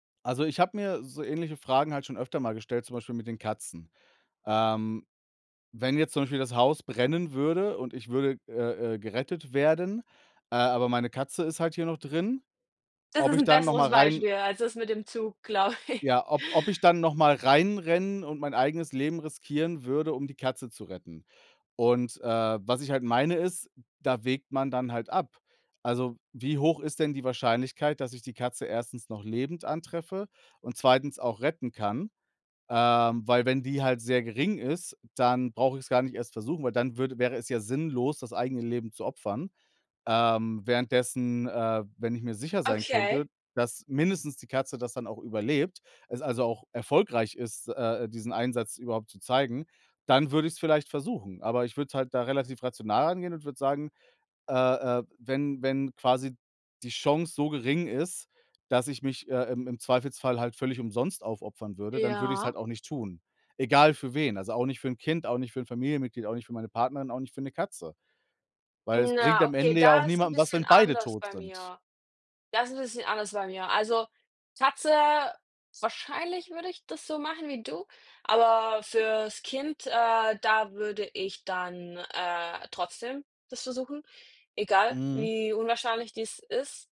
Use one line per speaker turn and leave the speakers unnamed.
Also, ich habe mir so ähnliche Fragen halt schon öfter mal gestellt, zum Beispiel mit den Katzen. Ähm, wenn jetzt zum Beispiel das Haus brennen würde und ich würde, äh, äh, gerettet werden, äh, aber meine Katze ist halt hier noch drin,
Das
ob
ist
ich
'n
da noch mal
besseres
rein
Beispiel als das mit dem Zug, glaube ich.
ja, ob ob ich dann noch mal reinrennen und mein eigenes Leben riskieren würde, um die Katze zu retten. Und, äh, was ich halt meine, ist, hm, da wägt man dann halt ab. Also, wie hoch ist denn die Wahrscheinlichkeit, dass ich die Katze 1. noch lebend antreffe und 2. auch retten kann? Ähm, weil wenn die halt sehr gering ist, dann brauche ich es gar nicht erst versuchen, weil dann würde wäre es ja sinnlos, das eigene Leben zu opfern. Ähm, währenddessen, äh, wenn ich mir sicher sein
Okay.
könnte, dass mindestens die Katze das dann auch überlebt, es also auch erfolgreich ist, äh, diesen Einsatz überhaupt zu zeigen, dann würde ich es vielleicht versuchen. Aber ich würde es halt da relativ rational angehen und würde sagen, äh, äh: „Wenn wenn quasi die Chance so gering ist, dass ich mich, äh, im im Zweifelsfall halt völlig umsonst aufopfern würde, dann würde ich es
Ja.
halt auch nicht tun." Egal für wen, also, auch nicht für 'n Kind, auch nicht für 'n Familienmitglied, auch nicht für meine Partnerin, auch nicht für 'ne Katze. Weil es
Hm,
bringt
na,
am
okay,
Ende ja
da
auch
ist 'n
niemandem was,
bisschen
wenn beide
anders
tot
bei
sind.
mir da ist 'n bisschen anders bei mir. Also, Katze wahrscheinlich würde ich das so machen wie du, aber fürs Kind, äh, da würde ich dann, äh, trotzdem das versuchen, egal
Mhm.
wie unwahrscheinlich dies ist.